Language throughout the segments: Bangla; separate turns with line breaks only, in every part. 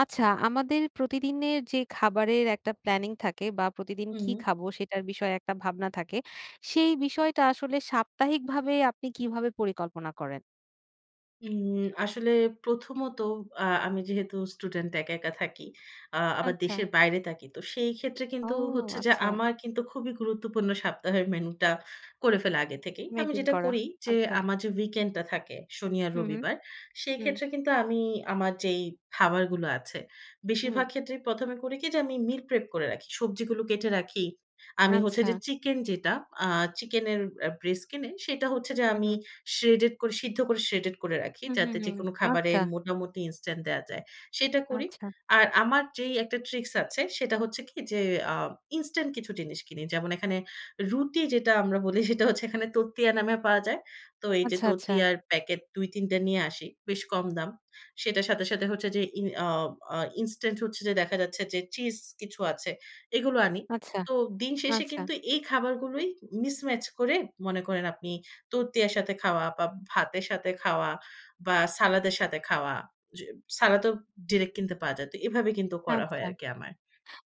আচ্ছা আমাদের প্রতিদিনের যে খাবারের একটা প্ল্যানিং থাকে বা প্রতিদিন কী
হুম।
খাবো? সেটার বিষয়ে একটা ভাবনা থাকে। সেই বিষয়টা আসলে সাপ্তাহিক ভাবে আপনি কীভাবে পরিকল্পনা করেন?
উম আসলে প্রথমত আ আমি যেহেতু স্টুডেন্ট একা, একা থাকি, আ আবার
আচ্ছা।
দেশের বাইরে থাকি। তো সেই ক্ষেত্রে
ও!
কিন্তু হচ্ছে যে
আচ্ছা।
আমার কিন্তু খুবই গুরুত্বপূর্ণ সপ্তাহের মেনুটা করে ফেলা আগে থেকেই। আমি
মেইনটেইন
যেটা
করা
করি যে,
আচ্ছা।
আমার যে উইকেন্ডটা থাকে শনি আর
হুম, হুম।
রবিবার, সেই
হুম।
ক্ষেত্রে কিন্তু আমি আমার যেই খাবারগুলো আছে,
হুম।
বেশিরভাগ ক্ষেত্রেই ১ম এ করি কী, যে আমি মিল প্রেপ করে রাখি, সবজিগুলো কেটে রাখি, আমি হচ্ছে যে
আচ্ছা।
চিকেন যেটা আ চিকেনের আ ব্রেস্ট কিনে সেটা হচ্ছে যে আমি
উহু।
শ্রেডেড করে, সিদ্ধ করে শ্রেডেড করে রাখি,
হু, হু,
যাতে
হু,
যেকোনো খাবারে
আচ্ছা।
মোটামুটি ইনস্ট্যান্ট দেয়া যায়, সেটা করি।
আচ্ছা।
আর আমার যেই একটা ট্রিক্স আছে সেটা হচ্ছে কী যে, আ ইনস্ট্যান্ট কিছু জিনিস কিনি, যেমন এখানে রুটি যেটা আমরা বলি সেটা হচ্ছে এখানে তরতিয়া নামে পাওয়া যায়। তো এই যে
আচ্ছা, আচ্ছা।
তরতিয়ার প্যাকেট ২-৩ টা নিয়ে আসি বেশ কম দাম। সেটার সাথে, সাথে হচ্ছে যে ই আ আ ইনস্টান্ট হচ্ছে যে দেখা যাচ্ছে যে চিজ কিছু আছে এগুলো আনি।
আচ্ছা।
তো দিন শেষে
আচ্ছা।
কিন্তু এই খাবারগুলোই মিসম্যাচ করে মনে করেন আপনি তরতিয়ার সাথে খাওয়া বা ভাতের সাথে খাওয়া বা সালাদের সাথে খাওয়া। য সালাদও ডিরেক্ট কিনতে পাওয়া যায়। তো এভাবে কিন্তু করা হয়
আচ্ছা।
আরকি আমার।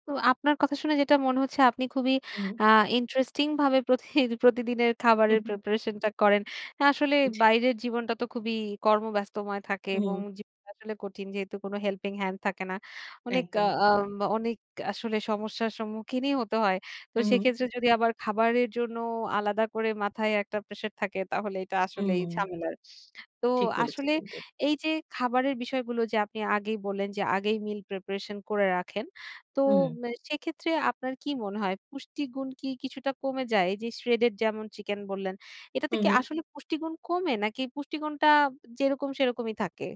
তো আপনার কথা শুনে যেটা মনে হচ্ছে, আপনি খুবই
হুম।
আ ইন্টারেস্টিং ভাবে প্রতিহি প্রতিদিনের খাবারের
হুম, হুম।
প্রিপারেশনটা করেন। আ আসলে
জি।
বাইরের জীবনটা তো খুবই কর্মব্যস্তময় থাকে
হু,
এবং
হুম।
জীবনটা আসলে কঠিন যেহেতু কোন হেল্পিং হ্যান্ড থাকে না। অনেক আ
একদম।
আম অনেক আসলে সমস্যার সম্মুখীনই হতে হয়। তো
হু, হু।
সেক্ষেত্রে যদি আবার খাবারের জন্য আলাদা করে মাথায় একটা প্রেশার থাকে তাহলে এটা আসলেই
হুম।
ঝামেলার। তো
ঠিক বলেছেন
আসলে
কিন্তু।
এই যে খাবারের বিষয়গুলো যে আপনি আগেই বললেন যে আগেই মিল প্রিপারেশন করে রাখেন তো,
হুম।
মে সেক্ষেত্রে আপনার কী মনে হয় পুষ্টিগুণ কী কিছুটা কমে যায়? এই যে শ্রেডেড যেমন চিকেন বললেন, এটাতে
হুম,
কী
হুম।
আসলে পুষ্টিগুণ কমে? নাকি পুষ্টিগুণটা যেরকম সেরকমই থাকে?